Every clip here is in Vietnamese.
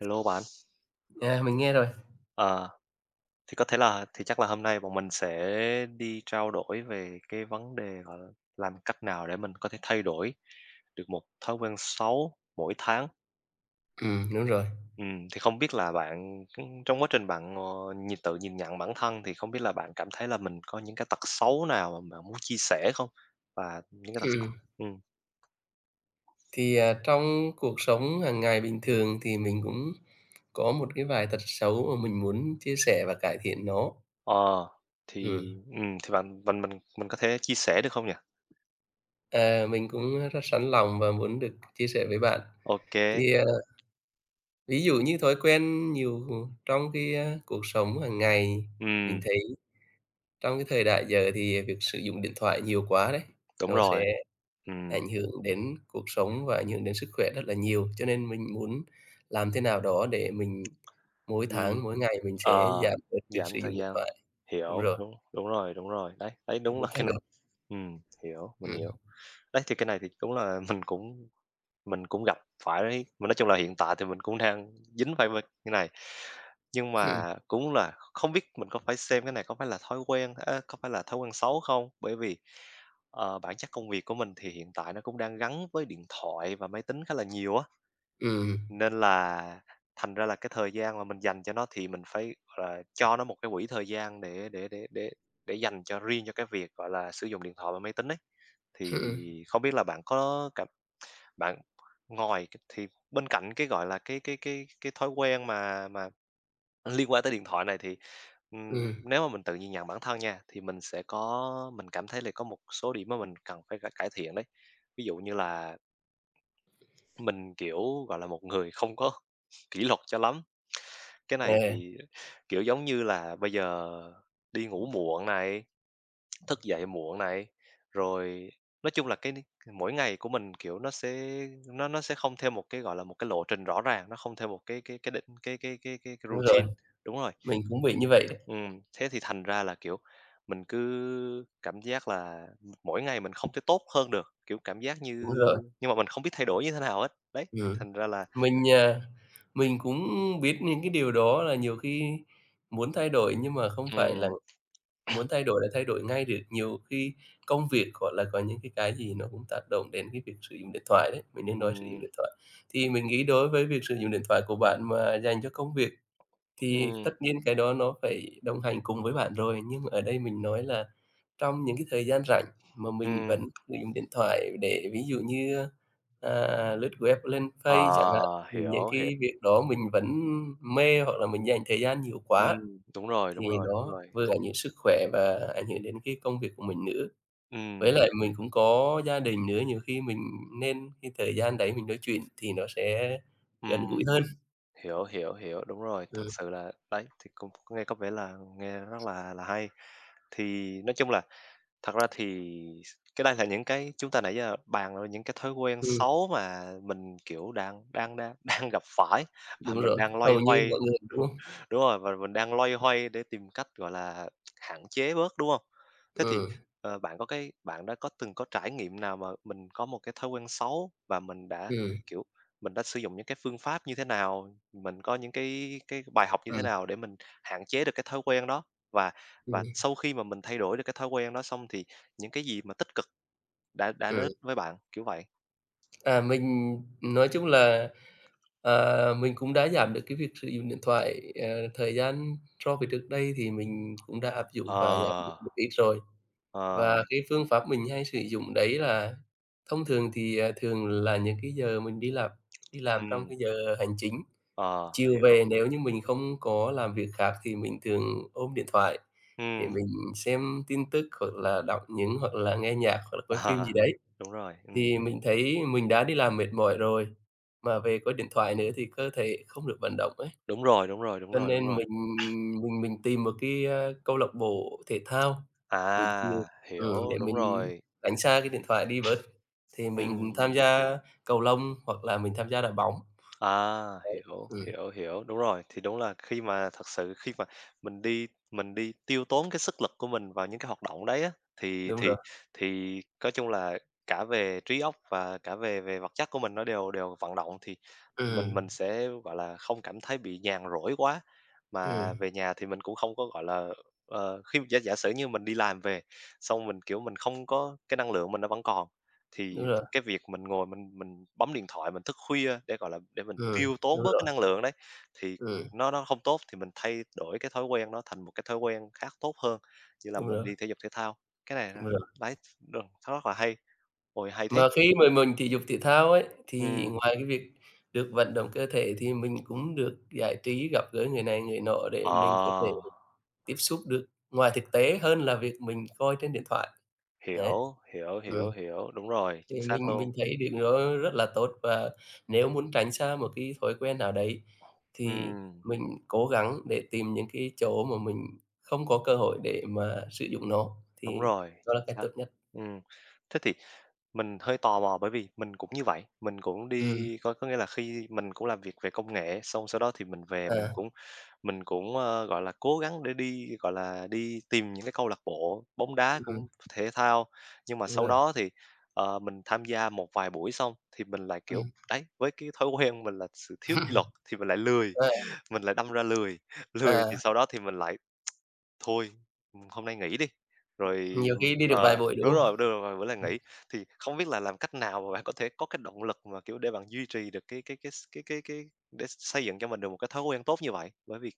Hello bạn! À, mình nghe rồi. À. Thì có thể là thì chắc là hôm nay bọn mình sẽ đi trao đổi về cái vấn đề, gọi là, làm cách nào để mình có thể thay đổi được một thói quen xấu mỗi tháng. Ừm, đúng rồi. Ừm, thì không biết là bạn, ừm, trong quá trình bạn, ờ, nhìn tự nhìn nhận bản thân, thì không biết là bạn cảm thấy là mình có những cái tật xấu nào mà bạn muốn chia sẻ không? Và những cái tật xấu Ừm. ừm. Thì, à, trong cuộc sống hàng ngày bình thường thì mình cũng có một cái vài tật xấu mà mình muốn chia sẻ và cải thiện nó. Ờ. Ừm. Thì, ừm, thì bạn mình mình mình có thể chia sẻ được không nhỉ? À, mình cũng rất sẵn lòng và muốn được chia sẻ với bạn. Ô kê. Thì, à, ví dụ như thói quen nhiều trong cái, a, cuộc sống hàng ngày, mình Ừm. thấy trong cái thời đại giờ thì việc sử dụng điện thoại nhiều quá đấy, Đúng nó rồi. sẽ Ừm. ảnh hưởng đến cuộc sống và ảnh hưởng đến sức khỏe rất là nhiều. Cho nên mình muốn làm thế nào đó để mình mỗi Ừm. tháng, mỗi ngày mình sẽ Ờ, giảm bớt việc giảm sử thời dụng điện gian. thoại. Đúng Hiểu, rồi. đúng, đúng rồi, đúng rồi, đấy, đấy, Mình đúng là muốn cái thay này. đổi. Ừm, hiểu, mình Ừm. hiểu. Đấy, thì cái này thì đúng là mình cũng mình cũng gặp phải, mà nói chung là hiện tại thì mình cũng đang dính vài ba cái này. Nhưng mà Hừm. cũng là không biết mình có phải xem cái này có phải là thói quen, ơ, có phải là thói quen xấu không? Bởi vì, ờ, bản chất công việc của mình thì hiện tại nó cũng đang gắn với điện thoại và máy tính khá là nhiều á Ừm. nên là thành ra là cái thời gian mà mình dành cho nó thì mình phải, gọi là, cho nó một cái quỹ thời gian để để để để để dành cho riêng cho cái việc, gọi là, sử dụng điện thoại và máy tính ấy. Hưm, Thì ừm. không biết là bạn có cảm bạn ngoài cái thì bên cạnh cái, gọi là, cái cái cái cái thói quen mà mà liên quan tới điện thoại này thì, ừm, Ừm. nếu mà mình tự nhìn nhận bản thân nha, thì mình sẽ có mình cảm thấy là có một số điểm mà mình cần phải cải cải thiện đấy, ví dụ như là Mình, kiểu, gọi là, một người không có kỷ luật cho lắm. Cái này À. thì, kiểu, giống như là bây giờ đi ngủ muộn này, thức dậy muộn này. Rồi, nói chung là cái ni mỗi ngày của mình kiểu nó sẽ nó nó sẽ không theo một cái, gọi là, một cái lộ trình rõ ràng, nó không theo một cái cái cái định cái cái cái cái cái Đúng rồi. routine. Đúng rồi. Mình cũng bị như vậy đấy. Ừm. Thế thì thành ra là, kiểu, mình cứ cảm giác là, ừm, mỗi ngày mình không thể tốt hơn được, kiểu, cảm giác như Đúng rồi. nhưng mà mình không biết thay đổi như thế nào hết. Đấy, Ừm. thành ra là Mình, à, mình cũng biết những cái điều đó là nhiều khi muốn thay đổi, nhưng mà không phải là Ừm. muốn thay đổi là thay đổi ngay được, nhiều khi công việc, gọi là, có những cái cái gì nó cũng tác động đến cái việc sử dụng điện thoại đấy, mình nên nói sử dụng Ừm. điện thoại. Thì mình nghĩ đối với việc sử dụng điện thoại của bạn mà dành cho công việc thì tất Ừm. nhiên cái đó nó phải đồng hành cùng với bạn rồi, nhưng ở đây mình nói là trong những cái thời gian rảnh mà mình Ừm. vẫn sử dụng điện thoại để ví dụ như, à, lướt web, lên Ờ, Face chẳng hạn. Thì những hiểu, hiểu. cái việc đó mình vẫn mê hoặc là mình dành thời gian nhiều Ừm. quá, Đúng rồi, thì đúng rồi, đúng nó rồi. vừa Không. ảnh hưởng sức khỏe và ảnh hưởng đến cái công việc của mình nữa. Với Ừm. lại mình cũng có gia đình nữa, nhiều khi mình nên cái thời gian đấy mình nói chuyện thì nó sẽ gần Ừm. gũi hơn. Hiểu, hiểu, hiểu, đúng rồi. Thật Ừm. sự là, đấy, thì cũng nghe có vẻ là nghe rất là là hay. Thì nói chung là thật ra thì s cái đây là những cái chúng ta nãy giờ bàn vào những cái thói quen Ừm. xấu mà mình, kiểu, đang đang đang đang gặp phải, và Đúng mình rồi. đang loay Hầu như mọi hoay người, đúng hông? đúng rồi, và mình đang loay hoay để tìm cách, gọi là, hạn chế bớt, đúng hông? Thế thì, Ừm. ờ, bạn có cái bạn đã có từng có trải nghiệm nào mà mình có một cái thói quen xấu và mình đã, Ừm. kiểu, mình đã sử dụng những cái phương pháp như thế nào, mình có những cái cái bài học như thế Ừm. nào để mình hạn chế được cái thói quen đó? Và và Ừm. sau khi mà mình thay đổi được cái thói quen đó xong, thì những cái gì mà tích cực đã đã đến Ừm. với bạn? Kiểu vậy. À, mình nói chung là, à, mình cũng đã giảm được cái việc sử dụng điện thoại, ờ, thời gian so với trước đây thì mình cũng đã áp dụng và giảm được Ờ. một ít rồi. Ờ. Và cái phương pháp mình hay sử dụng đấy là thông thường thì, à, thường là những cái giờ mình đi làm đi làm trong Ừm. cái giờ hành chính, Ờ, chiều hiểu. về nếu như mình không có làm việc khác thì mình thường ôm điện thoại để Ừm. mình xem tin tức hoặc là đọc những hoặc là nghe nhạc hoặc là coi phim À. gì đấy. Đúng rồi. Ừm. Thì mình thấy mình đã đi làm mệt mỏi rồi, mà về có điện thoại nữa thì cơ thể không được vận động ấy. Đúng rồi, đúng rồi, đúng Cho rồi, đúng nên rồi. mình mình mình tìm một cái, a, câu lạc bộ thể thao buổi chiều, À. ừm, Hiểu, để đúng mình rồi. tránh xa cái điện thoại đi bớt. Thì mình tham Ừm. gia cầu lông hoặc là mình tham gia đá bóng. À! Đấy. Hiểu, Ừm. hiểu, hiểu, đúng rồi. Thì đúng là khi mà thật sự khi mà mình đi mình đi tiêu tốn cái sức lực của mình vào những cái hoạt động đấy á, thì Đúng rồi. thì thì có chung là cả về trí óc và cả về về vật chất của mình nó đều đều vận động thì mình Ừm. mình sẽ, gọi là, không cảm thấy bị nhàn rỗi quá, Ừm. mà về nhà thì mình cũng không có, gọi là, ờ, khi giả giả sử như mình đi làm về, xong mình, kiểu, mình không có cái năng lượng mình nó vẫn còn, thì Đúng rồi. cái việc mình ngồi mình mình bấm điện thoại, mình thức khuya để, gọi là, để mình Ừm, tiêu đúng tốn bớt cái rồi. năng lượng đấy thì Ừm. nó nó không tốt, thì mình thay đổi cái thói quen đó thành một cái thói quen khác tốt hơn, như là Đúng mình rồi. đi thể dục thể thao. Cái này là Đúng rồi. đấy, đ nó rất là hay. Ôi, hay thế! Mà khi mà mình thể dục thể thao ấy, thì Ừm. ngoài cái việc được vận động cơ thể thì mình cũng được giải trí, gặp gỡ người này người nọ để Ờ. mình có thể tiếp xúc được ngoài thực tế hơn là việc mình coi trên điện thoại. Đấy. Hiểu, hiểu, Ừm. hiểu, hiểu. Đúng rồi, Thì chính mình xác luôn. mình thấy điều đó rất là tốt, và nếu muốn tránh xa một cái thói quen nào đấy, thì Ừm. mình cố gắng để tìm những cái chỗ mà mình không có cơ hội để mà sử dụng nó thì Đúng rồi, đó là chính cách xác. tốt nhất. Ừm. Thế thì mình hơi tò mò bởi vì mình cũng như vậy, mình cũng Ừm. đi có có nghĩa là khi mình cũng làm việc về công nghệ, xong sau đó thì mình về mình À. cũng mình cũng, ơ, gọi là, cố gắng để đi, gọi là, đi tìm những cái câu lạc bộ bóng đá, Ừm hứm. cũng thể thao. Nhưng mà Đúng sau rồi. đó thì, ờ, mình tham gia một vài buổi xong thì mình lại, kiểu, Ừm. đấy, với cái thói quen mình là sự thiếu kỷ luật thì mình lại lười, Ờ. mình lại đâm ra lười, lười thì À. sau đó thì mình lại "Thôi, hôm nay nghỉ đi." Rồi, Nhiều khi ừm đi được ờ, vài buổi, đúng đúng hông? rồi, Ừm. đúng rồi, vài bữa lại nghỉ. Thì không biết là làm cách nào mà bạn có thể có cái động lực mà, kiểu, để bạn duy trì được cái cái cái s cái cái cái để x xây dựng cho mình được một cái thói quen tốt như vậy? Bởi vì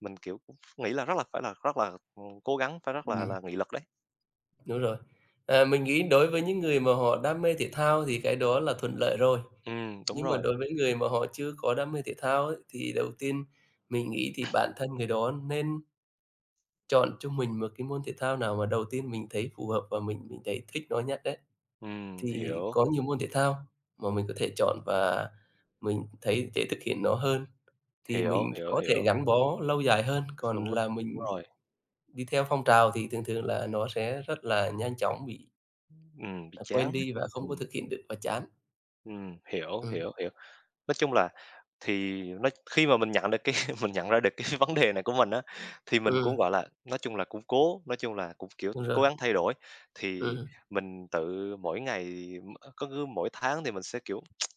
mình, kiểu, nghĩ là rất là phải là rất là, ừm, cố gắng, phải rất là Ừm. là nghị lực đấy. Đúng rồi. À, mình nghĩ đối với những người mà họ đam mê thể thao thì cái đó là thuận lợi rồi, Ừm, đúng nhưng mà rồi. đối với người mà họ chưa có đam mê thể thao ấy, thì đầu tiên mình nghĩ thì bản thân người đó nên chọn cho mình một cái môn thể thao nào mà đầu tiên mình thấy phù hợp và mình mình thấy thích nó nhất ấy. Ừm, Thì hiểu. có nhiều môn thể thao mà mình có thể chọn, và mình thấy dễ thực hiện nó hơn, thì Hiểu, mình hiểu, có thể hiểu. gắn bó lâu dài hơn, Đúng còn rồi, là đúng mình rồi. đi theo phong trào thì thường thường là nó sẽ rất là nhanh chóng bị Ừm, bị à, chán quên đi và đó, không có ừm. thực hiện được và chán. Ừm, hiểu, Ừm. hiểu, hiểu. Nói chung là, thì nó khi mà mình nhận được cái mình nhận ra được cái vấn đề này của mình á, thì mình cũng, Ừm. gọi là, nói chung là cũng cố nói chung là cũng, kiểu, Đúng rồi. cố gắng thay đổi. Thì Ừm. mình tự mỗi ngày m cứ cứ mỗi tháng thì mình sẽ, kiểu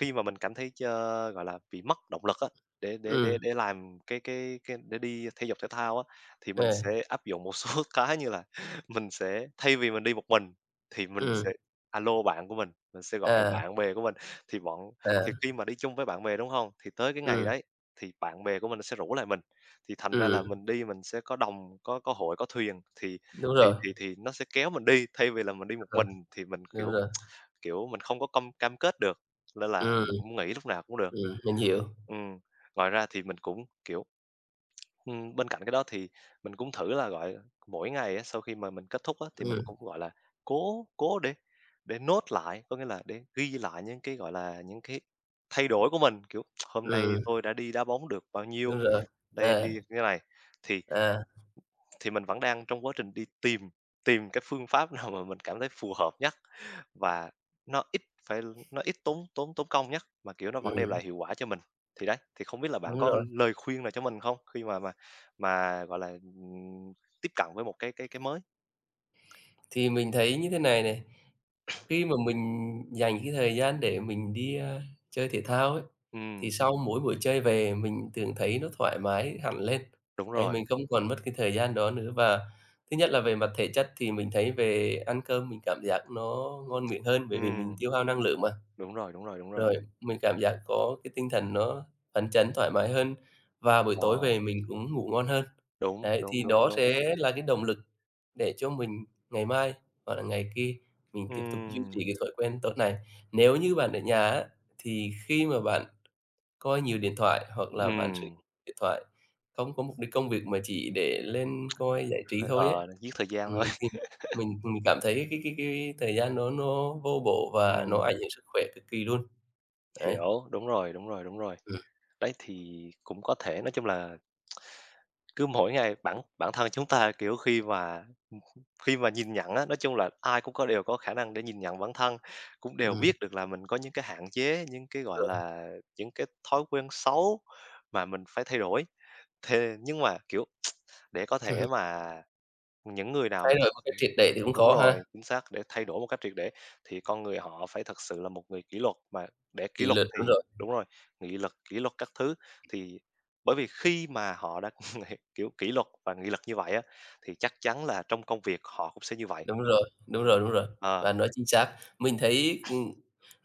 khi mà mình cảm thấy chơ gọi là, bị mất động lực á, để để Ừm. để để làm cái cái cái để đi thể dục thể thao á, thì mình À. sẽ áp dụng một số cái như là, mình sẽ thay vì mình đi một mình, thì mình sẽ Ừm. a lô bạn của mình, mình sẽ gọi À. bạn bè của mình. Thì bọn thì À. khi mà đi chung với bạn bè, đúng hông? Thì tới cái ngày Ừm. đấy, thì bạn bè của mình nó sẽ rủ lại mình, thì thành ra là Ừm. mình đi mình sẽ có đồng có có hội có thuyền, thì Đúng thì rồi. thì thì nó sẽ kéo mình đi, thay vì là mình Đúng đi một rồi. mình, thì mình Đúng kiểu rồi. kiểu, mình không có công cam kết được, nên là Ừm. mình có muốn nghỉ lúc nào cũng được. Ừm, mình hiểu. Ừm, ngoài ra thì mình cũng kiểu ừm, bên cạnh cái đó thì, mình cũng thử là gọi mỗi ngày á, sau khi mà mình kết thúc á, thì mình Ừm. cũng, gọi là, cố cố để để note lạ, có nghĩa là để ghi lại những cái, gọi là, những cái thay đổi của mình, kiểu, "Hôm nay Ừm. tôi đã đi đá bóng được bao nhiêu, Đúng rồi, đây đi à. thế này." Thì À. thì mình vẫn đang trong quá trình đi tìm tìm cái phương pháp nào mà mình cảm thấy phù hợp nhất, và nó ít phải nó ít tốn tốn tốn công nhất, mà, kiểu, nó vẫn đem Ừm. lại hiệu quả cho mình. Thì đấy, thì không biết là bạn Đúng có rồi. lời khuyên nào cho mình không, khi mà mà mà, gọi là, ừm, tiếp cận với một cái cái cái mới? Thì mình thấy như thế này này, khi mà mình dành cái thời gian để mình đi, ờ, chơi thể thao ấy, thì Ừm. sau mỗi buổi chơi về mình thường thấy nó thoải mái hẳn lên, Đúng đấy, rồi. mình không còn mất cái thời gian đó nữa, và thứ nhất là về mặt thể chất thì mình thấy về ăn cơm mình cảm giác nó ngon miệng hơn bởi vì mình Ừm. tiêu hao năng lượng mà. Đúng rồi, đúng rồi, đúng rồi. Rồi, mình cảm giác có cái tinh thần nó phấn chấn thoải mái hơn và buổi tối Ờ. về mình cũng ngủ ngon hơn. Đúng, Đấy, đúng, thì đúng, đó đúng. sẽ là cái động lực để cho mình ngày mai hoặc là ngày kia mình tiếp tục duy Ừm. trì cái thói quen tốt này. Nếu như bạn ở nhà á, thì khi mà bạn coi nhiều điện thoại hoặc là bạn sử Ừm. điện thoại không có mục đích công việc mà chỉ để lên coi giải trí Ờ, thôi ấy. ờ, giết thời gian Ừm, thôi. thì mình mình cảm thấy cái cái cái thời gian nó nó vô bổ và nó Ừm. ảnh hưởng sức khỏe cực kỳ luôn, đấy. Hiểu. Đúng rồi, đúng rồi, đúng rồi. Ừm. Đấy thì cũng có thể, nói chung là, cứ mỗi ngày bản bản thân chúng ta, kiểu, khi mà ừm, ừm, khi mà nhìn nhận á, nói chung là, ai cũng có đều có khả năng để nhìn nhận bản thân. Cũng đều biết Ừm. được là mình có những cái hạn chế, những cái, gọi Ờ. là, những cái thói quen xấu mà mình phải thay đổi. Thề nhưng mà, kiểu, để có thể mà những người nào Thay mà thật đổi một cách triệt để thì cũng đúng khó rồi, ha. chính xác, để thay đổi một cách triệt để thì con người họ phải thật sự là một người kỷ luật, mà để kỷ Kỷ luật luật, đúng thì rồi. đúng rồi, nghị lực, kỷ luật các thứ. Thì, bởi vì khi mà họ đã, kiểu, kỷ luật và nghị lực như vậy á, thì chắc chắn là trong công việc họ cũng sẽ như vậy. Đúng rồi, đúng rồi, đúng rồi, Ờ. bạn nói chính xác. Mình thấy, ừm,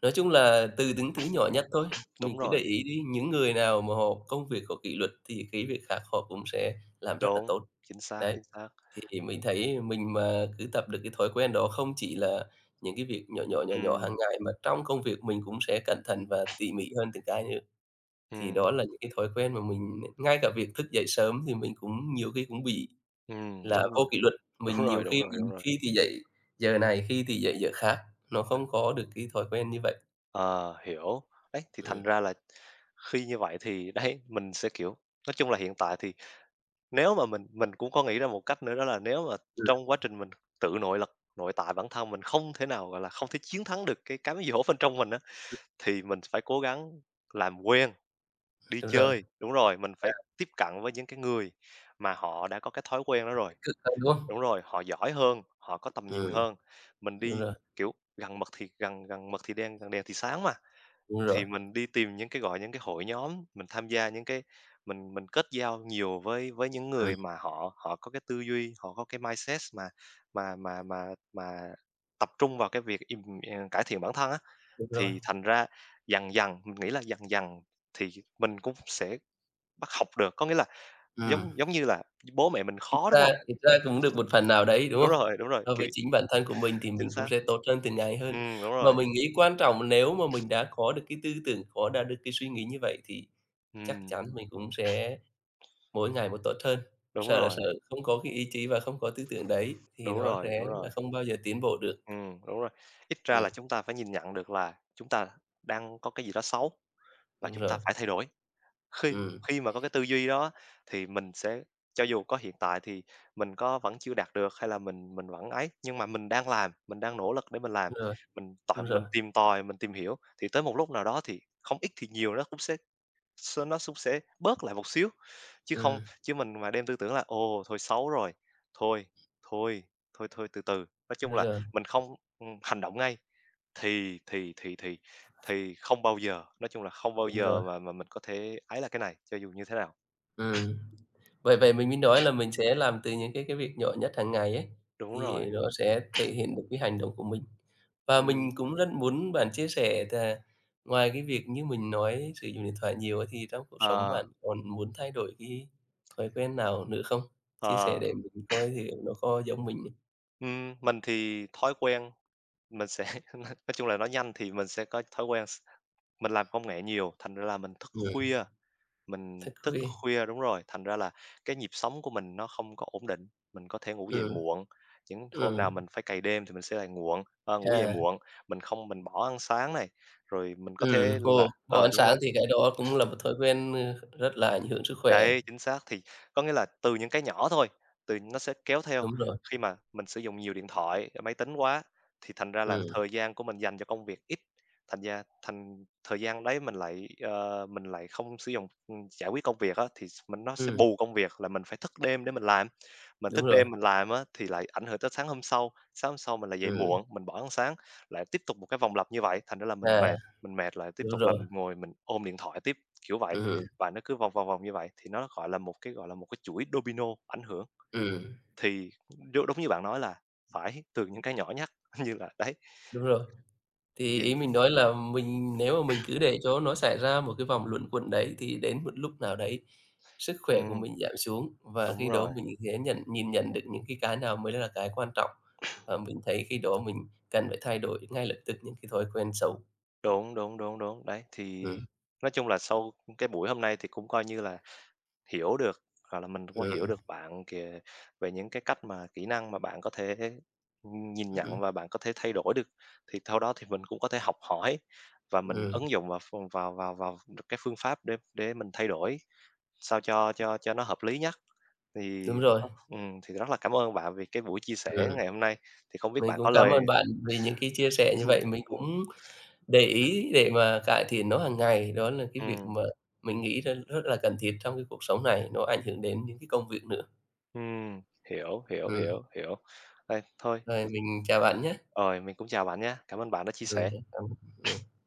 nói chung là, từ những thứ nhỏ nhất thôi, mình Đúng cứ để rồi. ý đi, những người nào mà họ công việc có kỷ luật thì cái việc khác họ cũng sẽ làm rất là Đúng, tốt. chính xác, Đấy, chính xác. thì mình thấy mình mà cứ tập được cái thói quen đó không chỉ là những cái việc nhỏ nhỏ, nhỏ nhỏ Ừm. hàng ngày mà trong công việc mình cũng sẽ cẩn thận và tỉ mỉ hơn từng cái nữa. Thì Ừm. đó là những cái thói quen mà mình ngay cả việc thức dậy sớm thì mình cũng nhiều khi cũng bị Ừm, là đúng vô rồi, kỷ luật, đúng mình nhiều rồi, đúng khi rồi, đúng mình rồi. phi thì dậy giờ này, khi thì dậy giờ khác, nó Ừ. không có được cái thói quen như vậy. Ờ, hiểu. Đấy, thì thành Ừm. ra là khi như vậy thì đấy, mình sẽ, kiểu nói chung là hiện tại thì nếu mà mình mình cũng có nghĩ ra một cách nữa đó là nếu mà Ừm, ừm. trong quá trình mình tự nội lực, nội tại bản thân mình không thể nào, gọi là, không thể chiến thắng được cái cám dỗ bên trong mình á, Ừm. thì mình phải cố gắng làm quen, đi Đúng rồi. chơi. Đúng rồi, mình À. phải tiếp cận với những cái người mà họ đã có cái thói quen đó Nó rồi. tích cực hơn, đúng không? Đúng rồi, họ giỏi hơn, họ có tầm nhìn Ừm. hơn, mình Đúng đi, rồi. kiểu, gần mực thì gần gần mực thì đen gần đèn thì sáng mà, Đúng rồi. thì mình đi tìm những cái gọi những cái hội nhóm, mình tham gia những cái mình mình kết giao nhiều với với những Ừm. người mà họ họ có cái tư duy, họ có cái mindset mà mà mà mà mà tập trung vào cái việc im à, cải thiện bản thân á. Đúng rồi. Thì thành ra, dần dần, mình nghĩ là dần dần, thì mình cũng sẽ bắt học được, có nghĩa là, giống Ừm. giống như là bố mẹ mình Thực khó, đúng ra hông? thực ra Ừm. cũng được một phần nào đấy, đúng Đúng không? rồi, đúng rồi. So Kiểu với chính bản thân của mình thì Chính mình cũng xác. sẽ tốt hơn từng ngày Ừm, hơn. ừm, đúng Mà rồi. mình nghĩ quan trọng nếu mà mình đã có được cái tư tưởng, có đạt được cái suy nghĩ như vậy thì chắc Ừm. chắn mình cũng sẽ mỗi ngày một tốt hơn, Đúng sợ là rồi. sợ không có cái ý chí và không có tư tưởng đấy thì Đúng nó rồi, sẽ đúng là rồi. không bao giờ tiến bộ được. Ừm, đúng rồi. Ít ra là Ừm. chúng ta phải nhìn nhận được là, chúng ta đang có cái gì đó xấu, và Đúng chúng ta rồi. phải thay đổi. Khi Ừm. khi mà có cái tư duy đó, thì mình sẽ cho dù có hiện tại thì mình có vẫn chưa đạt được hay là mình mình vẫn ấy, nhưng mà mình đang làm, mình đang nỗ lực để mình làm, Đúng rồi. mình tại Đúng rồi. mình tìm tòi, mình tìm hiểu, thì tới một lúc nào đó thì, không ít thì nhiều nó cũng sẽ s nó sũng sẽ bớt lại một xíu. Chứ không Ừm. chứ mình mà đem tư tưởng là "Ồ, thôi xấu rồi thôi, thôi, thôi thôi từ từ." Nói chung Đúng là, rồi. mình không, ừm, hành động ngay, thì thì thì thì thì không bao giờ, nói chung là không bao Đúng giờ rồi. mà mà mình có thể ấy là cái này, cho dù như thế nào. Ừm. Bởi vậy mình mới nói là mình sẽ làm từ những cái cái việc nhỏ nhất hàng ngày ấy, Đúng thì rồi. nó sẽ thể hiện được cái hành động của mình. Và Ừm. mình cũng rất muốn bạn chia sẻ là ngoài cái việc như mình nói sử dụng điện thoại nhiều ấy thì trong cuộc sống Ờ. bạn còn muốn thay đổi cái thói quen nào nữa không? Chia sẻ Ờ. để mình coi thử nó có giống mình ấy. Ừm. Mình thì thói quen mình sẽ nói chung là nói nhanh thì mình sẽ có thói quen s mình làm công nghệ nhiều, thành ra là mình thức Ừm. khuya mình Thức thức khuya. khuya đúng rồi. Thành ra là cái nhịp sống của mình nó không có ổn định. Mình có thể ngủ dậy Ừm. muộn, những hôm Ừm. nào mình phải cày đêm thì mình sẽ lại muộn ờ, ngủ dậy À. muộn, mình không mình bỏ ăn sáng này, rồi mình có Ừm. thể là Ồ! Bỏ ờ, ánh đúng rồi. sáng thì cái đó cũng là một thói quen, ơ, rất là ảnh hưởng sức khỏe. Đấy, chính xác. Thì có nghĩa là từ những cái nhỏ thôi, thì nó sẽ kéo theo Đúng rồi. khi mà mình sử dụng nhiều điện thoại, máy tính quá, thì thành ra là Ừm. thời gian của mình dành cho công việc ít, thành ra thành thời gian đấy mình lại, ờ, mình lại không sử dụng, ừm, giải quyết công việc á, thì s mình nó sẽ Ừm. bù công việc, là mình phải thức đêm để mình làm. Mình Đúng thức đêm rồi. mình làm á, thì lại ảnh hưởng tới sáng hôm sau, sáng hôm sau mình lại dậy Ừm. muộn, mình bỏ ăn sáng, lại tiếp tục một cái vòng lặp như vậy. Thành ra là mình À. mệt, mình mệt lại tiếp Đúng tục là rồi. mình ngồi mình ôm điện thoại tiếp, kiểu vậy. Ừm hừm. Và nó cứ vòng vòng vòng như vậy, thì nó gọi là một cái gọi là một cái chuỗi domino ảnh hưởng, Ừm. thì đúng đúng như bạn nói là phải từ những cái nhỏ nhất như là đấy. Đúng rồi. Thì ý Dừng mình nói là mình nếu mà mình cứ để cho nó xảy ra một cái vòng luẩn quẩn đấy thì đến một lúc nào đấy sức khỏe của Ừm. mình giảm xuống, và Đúng khi đó rồi. mình sẽ nhận nhìn nhận được những cái cái nào mới là cái quan trọng, và mình thấy khi đó mình cần phải thay đổi ngay lập tức những cái thói quen xấu. Đúng, đúng, đúng, đúng, đấy. Thì Ừm. nói chung là sau, ưm, cái buổi hôm nay thì cũng coi như là hiểu được, hoặc là mình cũng hiểu Ừm. được bạn kìa, về những cái cách mà kỹ năng mà bạn có thể, ừm, nhìn Ưm, nhận ừm. và bạn có thể thay đổi được. Thì theo đó thì mình cũng có thể học hỏi, và mình Ừm. ứng dụng vào vào vào vào đ cái phương pháp để để mình thay đổi, sao cho cho cho nó hợp lý nhất. Thì, Đúng rồi. [unintelligible] ừm, thì rất là cảm ơn bạn vì cái buổi chia Ừm. sẻ ngày hôm nay. Thì không biết Mình bạn cũng có cám lời ơn bạn vì những cái chia sẻ như vậy. Ừm, Mình ừm. cũng để ý để mà cải thiện nó hàng ngày, đó là cái việc Ừm. mà mình nghĩ r rất là cần thiết trong cái cuộc sống này, nó ảnh hưởng đến những cái công việc nữa. Ừm. Hiểu, hiểu, Ừm. hiểu, hiểu. Đây, thôi Rồi, ừm. mình chào bạn nhá. Rồi, mình cũng chào bạn nhá. Cảm ơn bạn đã chia Ừm sẻ. hứm. Cảm ơn. Ừm.